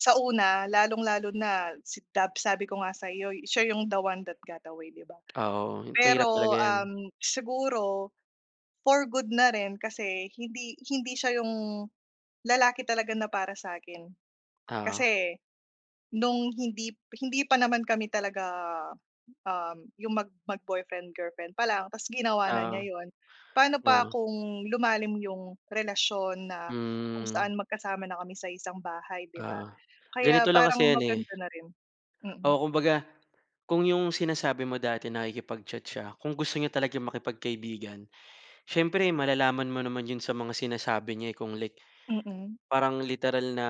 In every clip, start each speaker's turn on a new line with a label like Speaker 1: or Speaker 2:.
Speaker 1: Sa una, lalong-lalo na sa dab sabi ko nga sa 'yo, siya yung "The one that got away" di ba?
Speaker 2: Ah, oo, mahirap talaga
Speaker 1: Pero,
Speaker 2: yan.
Speaker 1: um, siguro for good na rin kasi hindi hindi siya yung lalaki talaga na para sa akin.
Speaker 2: O0.
Speaker 1: Kasi, noong hindi hindi pa naman kami talaga, um, yung mag mag-boyfriend-girlfriend pa lang, tapos ginawa na
Speaker 2: Oo,
Speaker 1: niya ’yon. Pano pa
Speaker 2: oo.
Speaker 1: kung lumalim yung relasyon na kung
Speaker 2: Hmm.
Speaker 1: saan magkasama na kami sa iisang bahay, di ba?
Speaker 2: Ah oh, ganito
Speaker 1: Kaya,
Speaker 2: lang
Speaker 1: parang
Speaker 2: kasi yan eh
Speaker 1: maganda na rin, mm.
Speaker 2: Oo, kumbaga kung yung sinasabi mo dati, nakikipag-chat siya, kung gusto niya talagang makipagkaibigan, siyempre malalaman mo naman yun sa mga sinasabi niya. Eh, kung like
Speaker 1: Mm.
Speaker 2: parang literal na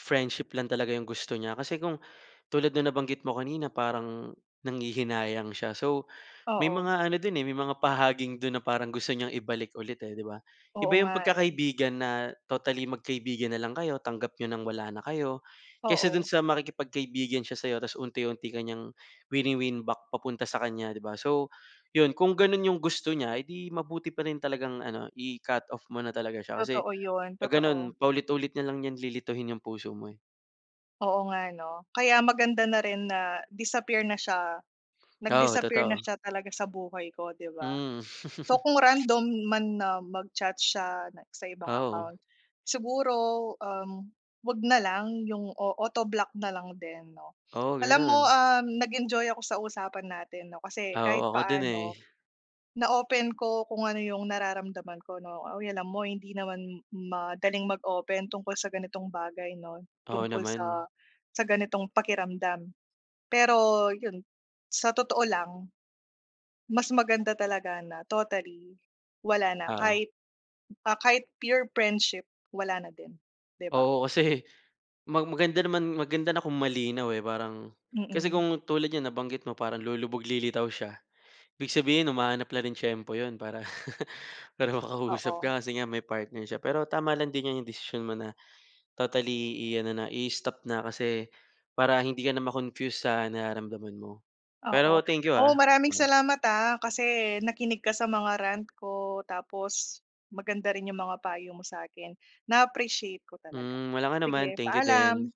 Speaker 2: friendship lang talaga yung gusto niya. Kasi kung tulad ng nabanggit mo kanina, parang nanghihinayang siya. So, may
Speaker 1: Oo.
Speaker 2: mga ano dun eh, may mga pahaging dun na parang gusto niyang ibalik ulit, eh, 'di ba?
Speaker 1: Oo
Speaker 2: Iba yung
Speaker 1: nga eh.
Speaker 2: pagkakaibigan na totally magkaibigan na lang kayo, tanggap niyo nang wala na kayo, kaysa dun
Speaker 1: Oo.
Speaker 2: sa makikipagkaibigan siya sa 'yo, tapos unti-unti ka niyang wini-win back papunta sa kanya, 'di ba? So, yun, kung ganun yung gusto niya, eh, di mabuti pa rin talagang ano i-cut off mo na talaga siya. Kasi
Speaker 1: Totoo yun,
Speaker 2: pag
Speaker 1: totoo.
Speaker 2: ganun paulit-ulit na lang 'yan, lilituhin yung puso mo eh.
Speaker 1: Oo nga, ano. Kaya maganda na rin na disappear na siya
Speaker 2: Oo,
Speaker 1: nag-disappear na
Speaker 2: totoo.
Speaker 1: siya talaga sa buhay ko 'di ba?
Speaker 2: Hmm.
Speaker 1: So, kung random man na mag-chat siya, like sa ibang
Speaker 2: Oo.
Speaker 1: account, siguro, um, huwag na lang, yung o-autoblock na lang din, 'no?
Speaker 2: Oh,
Speaker 1: Alam mo,
Speaker 2: ganun.
Speaker 1: ah, nag-enjoy ako sa usapan natin 'no, kasi,
Speaker 2: Oo,
Speaker 1: kahit
Speaker 2: ako din eh.
Speaker 1: paano na-open ko kung ano yung nararamdaman ko, 'no. Ay, alam mo, hindi naman madaling mag-open tungkol sa ganitong bagay, 'no,
Speaker 2: Oo
Speaker 1: tungkol
Speaker 2: naman.
Speaker 1: sa sa ganitong pakiramdam. Pero 'yun, sa totoo lang, mas maganda talaga na totally wala na,
Speaker 2: Oo.
Speaker 1: kahit, ah, kahit pure friendship, wala na din, 'di ba?
Speaker 2: Oo, kasi mag maganda naman, maganda na kung malinaw eh. Parang, kasi
Speaker 1: Mm.
Speaker 2: kung tulad niyan, nabanggit mo, parang lulubog-lilitaw siya. Ibig sabihin, humahanap na rin tiyempo 'yon para para makausap
Speaker 1: Oo.
Speaker 2: ka, kasi nga may partner siya. Pero tama lang din 'yang desisyon mo na totally i-ano na, i-stop na, kasi para hindi ka na ma-confuse sa nararamdaman mo. Pero,
Speaker 1: Oo.
Speaker 2: thank you,
Speaker 1: Oh,
Speaker 2: ah.
Speaker 1: maraming
Speaker 2: Mm.
Speaker 1: salamat, ah, kasi nakinig ka sa mga rant ko. Tapos, maganda rin yung mga payo mo sa akin. Na-appreciate ko talaga.
Speaker 2: Hmm, walang anuman.
Speaker 1: Sige,
Speaker 2: Thank you din.
Speaker 1: paalam.